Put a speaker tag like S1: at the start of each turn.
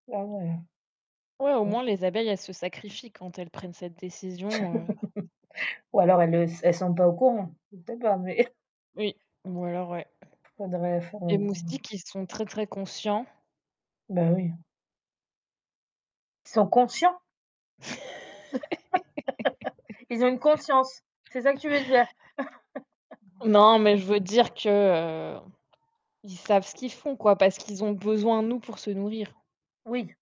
S1: Ah ouais.
S2: Ouais, au
S1: Mmh.
S2: moins les abeilles, elles se sacrifient quand elles prennent cette décision, heu
S1: Ou alors elles le s elle sont pas au courant. Je ne sais pas, mais
S2: Oui, ou alors ouais
S1: Faudrait faire
S2: Les
S1: une une
S2: moustiques, ils sont très très conscients
S1: Bah, oui, hein. Ils sont conscients? Ils ont une conscience? C'est ça que tu veux dire?
S2: Non, mais je veux dire que, heu, ils savent ce qu'ils font quoi, parce qu'ils ont besoin de nous pour se nourrir.
S1: Oui.